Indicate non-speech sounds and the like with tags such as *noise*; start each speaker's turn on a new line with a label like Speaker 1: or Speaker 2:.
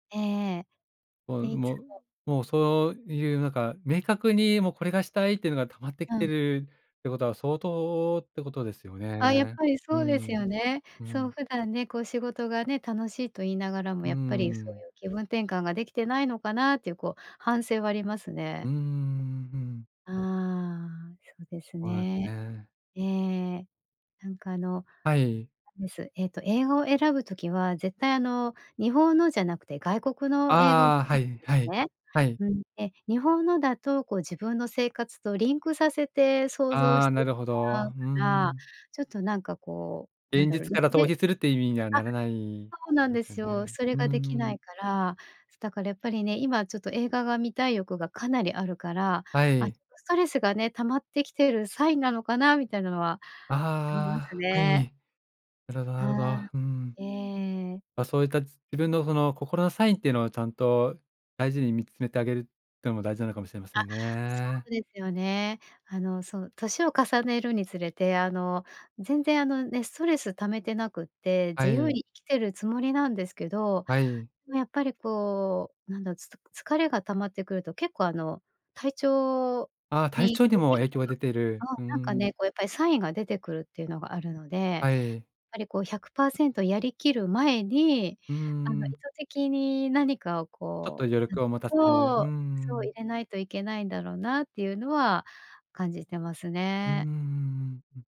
Speaker 1: ええ。
Speaker 2: もう
Speaker 1: で、いつ
Speaker 2: もう、
Speaker 1: も
Speaker 2: もう、そういうなんか、明確に、もうこれがしたいっていうのが溜まってき
Speaker 1: う
Speaker 2: てい
Speaker 1: ん。
Speaker 2: るっていうことは、相当ってことですよ
Speaker 1: あ、やっ
Speaker 2: ね。
Speaker 1: ぱり
Speaker 2: う
Speaker 1: そうです
Speaker 2: ん、
Speaker 1: よね。
Speaker 2: う
Speaker 1: そう、
Speaker 2: ん。
Speaker 1: 普段ね、こう、仕事がね、楽しいと言いながらも
Speaker 2: うー
Speaker 1: やっぱり、そう
Speaker 2: ん。
Speaker 1: いう気分転換ができてないのかなっていう、こう、反省はあります
Speaker 2: う
Speaker 1: ね。
Speaker 2: ーん、うん。
Speaker 1: ああ、そうです
Speaker 2: ほうえふ
Speaker 1: ね。
Speaker 2: ね。
Speaker 1: ええ。なんかあの、
Speaker 2: はい。
Speaker 1: なんですえっと英語を選ぶ時は、絶対あの、日本のじゃなくて外国の映画を *unintelligible* で
Speaker 2: ああ、はいは
Speaker 1: す
Speaker 2: い、
Speaker 1: ね。
Speaker 2: はい。
Speaker 1: うん。で、日本のだと、こう、自分の生活とリンクさせて想像
Speaker 2: あ
Speaker 1: し
Speaker 2: あ、
Speaker 1: て
Speaker 2: な
Speaker 1: し
Speaker 2: るほ
Speaker 1: まう
Speaker 2: ど。
Speaker 1: か
Speaker 2: う
Speaker 1: ら、
Speaker 2: ん。
Speaker 1: ちょっとなんかこう、なん
Speaker 2: 現
Speaker 1: だろ。
Speaker 2: 実
Speaker 1: リ
Speaker 2: から
Speaker 1: フ
Speaker 2: 逃
Speaker 1: レ
Speaker 2: 避するっていう意味には
Speaker 1: あ、
Speaker 2: ならない
Speaker 1: そうなん
Speaker 2: で
Speaker 1: で
Speaker 2: すよ
Speaker 1: すよ。
Speaker 2: ね。
Speaker 1: それ
Speaker 2: うー
Speaker 1: ができな
Speaker 2: ん。
Speaker 1: いから。そ、だからやっぱりね、今ちょっと映画が観たい欲がかなりあるから、
Speaker 2: は
Speaker 1: あ、
Speaker 2: い。
Speaker 1: ちょっとストレスがね、溜まってきているサインなのかな、みたいなのはあります
Speaker 2: ああ、は
Speaker 1: ね。
Speaker 2: い。なるほどな
Speaker 1: は
Speaker 2: るほ
Speaker 1: あ、
Speaker 2: ど。うん。
Speaker 1: ええ。
Speaker 2: ま、そういったじ自分のその、心のサインっていうのを、ちゃんと大事に見つめてあげるってのも大事なのかもしれませ
Speaker 1: あ、
Speaker 2: ん
Speaker 1: そ
Speaker 2: ね。
Speaker 1: うですよね。あの、そう、齢を重ねるにつれてあの、全然あのね、ストレス溜めてなくって、
Speaker 2: は
Speaker 1: 自由
Speaker 2: い。
Speaker 1: に生きてるつもりなんですけど、
Speaker 2: はい。
Speaker 1: でもやっぱりこう、なんだ、つた疲れが溜まってくると結構あの、体調
Speaker 2: ああ、体
Speaker 1: に、
Speaker 2: 調に
Speaker 1: こう
Speaker 2: も
Speaker 1: 変化
Speaker 2: 影響が出てる。
Speaker 1: が、ああ、
Speaker 2: うー
Speaker 1: なんか
Speaker 2: ん。
Speaker 1: ね、こうやっぱりサインが出てくるっていうのがあるので、やっ
Speaker 2: はい。
Speaker 1: ぱりこう100%やり切る前に、
Speaker 2: うー
Speaker 1: あの、意図
Speaker 2: ん。
Speaker 1: 的に何かを
Speaker 2: ちょっと
Speaker 1: こ
Speaker 2: 余力を持た
Speaker 1: ううん、
Speaker 2: せる。ふ
Speaker 1: そう、
Speaker 2: ー
Speaker 1: そう、
Speaker 2: ん。
Speaker 1: 入れないといけないんだろうなっていうのは感じてます
Speaker 2: うーん、
Speaker 1: ね。
Speaker 2: ん-ん。